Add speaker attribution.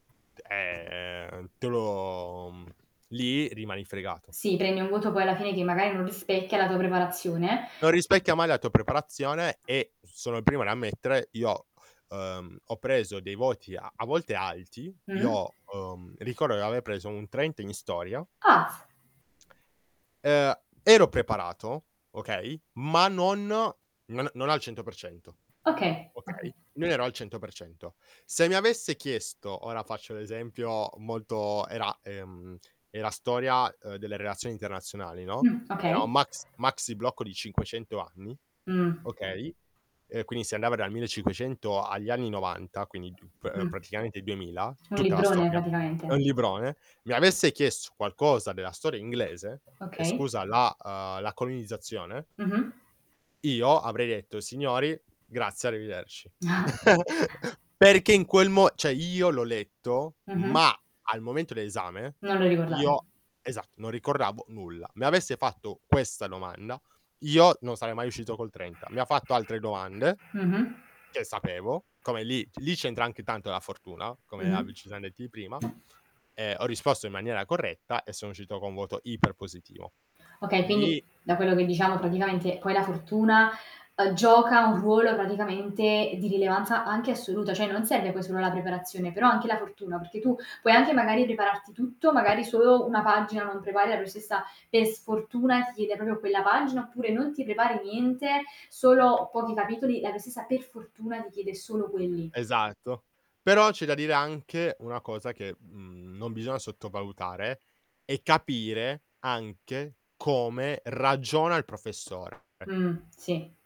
Speaker 1: Eh, ehm, te lo mhmm, lì rimani fregato.
Speaker 2: Sì, prendi un voto poi alla fine che magari non rispecchia la tua preparazione.
Speaker 1: Non rispecchia mai la tua preparazione e, sono il primo ad ammettere, io, ehm, ho preso dei voti a a volte alti,
Speaker 2: Mh.
Speaker 1: io, uhm, ricordo di aver preso un 30 in storia.
Speaker 2: Ah.
Speaker 1: Ehm, a ero preparato, okay, ma non no non a non al 100%
Speaker 2: Okay, okay.
Speaker 1: okay, non ero al 100%. Se mi avesse chiesto, ora faccio l'esempio molto era ehm, era storia, uhm, delle relazioni internazionali, no,
Speaker 2: Mh,
Speaker 1: era
Speaker 2: okay.
Speaker 1: un maxi maxi blocco di 500 anni,
Speaker 2: Mh.
Speaker 1: okay, e quindi si andava dal 1500 agli anni '90, quindi diup ehm,
Speaker 2: Mh.
Speaker 1: praticamente il 2000,
Speaker 2: Un
Speaker 1: tutta la
Speaker 2: librone
Speaker 1: storia. È
Speaker 2: praticamente.
Speaker 1: un librone. Mi avesse chiesto qualcosa della storia inglese ehm,
Speaker 2: Okay.
Speaker 1: scusa la uhm, la colonizzazione
Speaker 2: Mh-mh.
Speaker 1: io avrei detto: "Signori, grazie arrivederci". Perché in quel mo cioè, io l'ho letto,
Speaker 2: Mh-mh.
Speaker 1: ma al momento l'esame
Speaker 2: Non lo ricordavi.
Speaker 1: io, esatto, non ricordavo nulla. Mi avesse fatto questa domanda io non sarei mai uscito col 30. Mi ha fatto altre domande
Speaker 2: Mh-mh.
Speaker 1: che sapevo, come lì lì c'entra anche tanto la fortuna, come a
Speaker 2: Mh-mh.
Speaker 1: bi ci siam detti prima, e ho risposto in maniera corretta, e sono uscito con voto iper positivo.
Speaker 2: Okay. Quindi,
Speaker 1: Lì
Speaker 2: da quello che diciamo, praticamente poi la fortuna, uhm, gioca un ruolo praticamente di rilevanza anche assoluta. Cioè, non serve poi solo la preparazione però anche la fortuna, perché tu puoi anche magari prepararti tutto, magari solo una pagina non prepari la professoressa per sfortuna ti chiede proprio quella pagina, oppure non ti prepari niente, solo pochi capitoli, e la professoressa per fortuna ti chiede solo quelli.
Speaker 1: Esatto. Però c'è da dire anche una cosa che, mhmm, non bisogna sottovalutare: è capire anche come ragiona il professore. Ecco.
Speaker 2: Mh, sì.